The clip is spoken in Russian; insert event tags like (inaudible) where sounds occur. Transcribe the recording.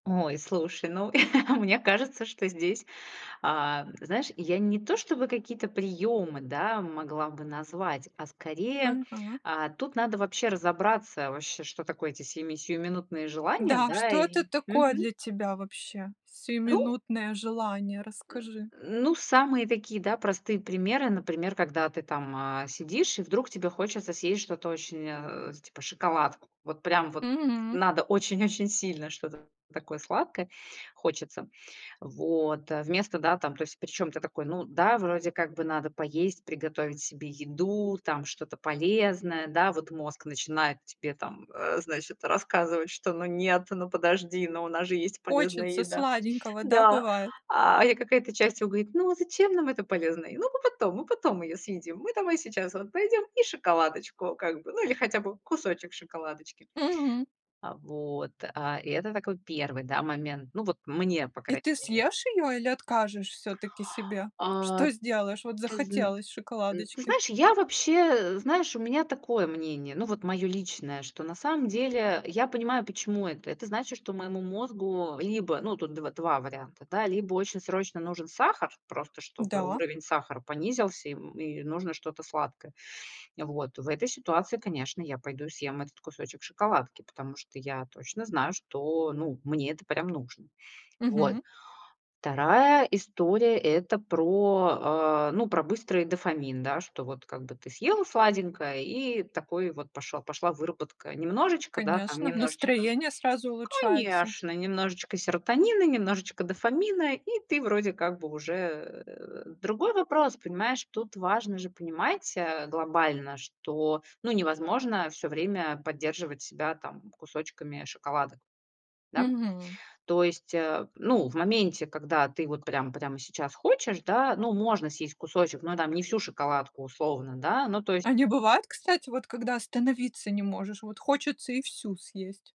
Ой, слушай, ну (chuckles) мне кажется, что здесь, а, м, знаешь, я не то, чтобы какие-то приёмы, да, могла бы назвать, а, скорее, Мгм. а, тут надо вообще разобраться вообще, что такое эти семи сиюминутные желания Да, да что и. это такое для Мгм. тебя вообще, Ну сиюминутное желание? Расскажи. Ну самые такие, да, простые примеры, например, когда ты там, а, сидишь и вдруг тебе хочется съесть что-то очень а, типа, шоколадку. Вот прям вот Мгм. надо очень-очень сильно что-то такое сладкое хочется. Вот, а. Вместо, да, там то есть, причём, ты такой, ну да, вроде как бы надо поесть, приготовить себе еду, там что-то полезное. Да, вот мозг начинает тебе там, э, значит, рассказывать, что ну нет, ну подожди, но у нас же есть полезная Хочется еда. сладенького, да, Да. бывает? А я какая-то часть его говорит: "Ну а зачем нам это полезное? Ну мы потом, мы потом её съедим. Мы давай сейчас вот пойдём и шоколадочку как бы, ну или хотя бы кусочек шоколадочки". Мгм. А вот. А и это такой первый, да, момент. Ну вот мне, по И крайней ты мере. съешь её или откажешь всё-таки себе? А. Что сделаешь? Вот Ты зн захотелось н ты шоколадочки. знаешь, я вообще э, знаешь, у меня такое мнение, ну вот моё личное. Что на самом деле я понимаю, почему это. Это значит, что моему мозгу либо, ну, тут дв два варианта, да. Либо очень срочно нужен сахар, просто чтобы Да. уровень сахара понизился, и, м, и нужно что-то сладкое. Э вот. В этой ситуации, конечно, я пойду и съем этот кусочек шоколадки, потому что я точно знаю, что, ну, мне это прям нужно. Вот. Мгм. Вторая история- это про, а, ну про быстрый дофамин, да. Что вот как бы ты съела сладенькое, и такой вот пошёл пошла выработка немножечко, да, там Конечно, немножечко настроение сразу улучшается. Конечно, немножечко серотонина, немножечко дофамина и ты вроде как бы уже, э Другой вопрос. Понимаешь, тут важно же понимать, а, глобально, что, ну, невозможно всё время поддерживать себя, там, кусочками шоколадок. Да? Мгм. То есть, а, ну, в моменте, когда ты вот прям прямо сейчас хочешь, да, ну можно съесть кусочек, но там не всю шоколадку, условно, да. Ну то есть А не бывает, кстати, вот когда остановиться не можешь? Вот хочется и всю съесть.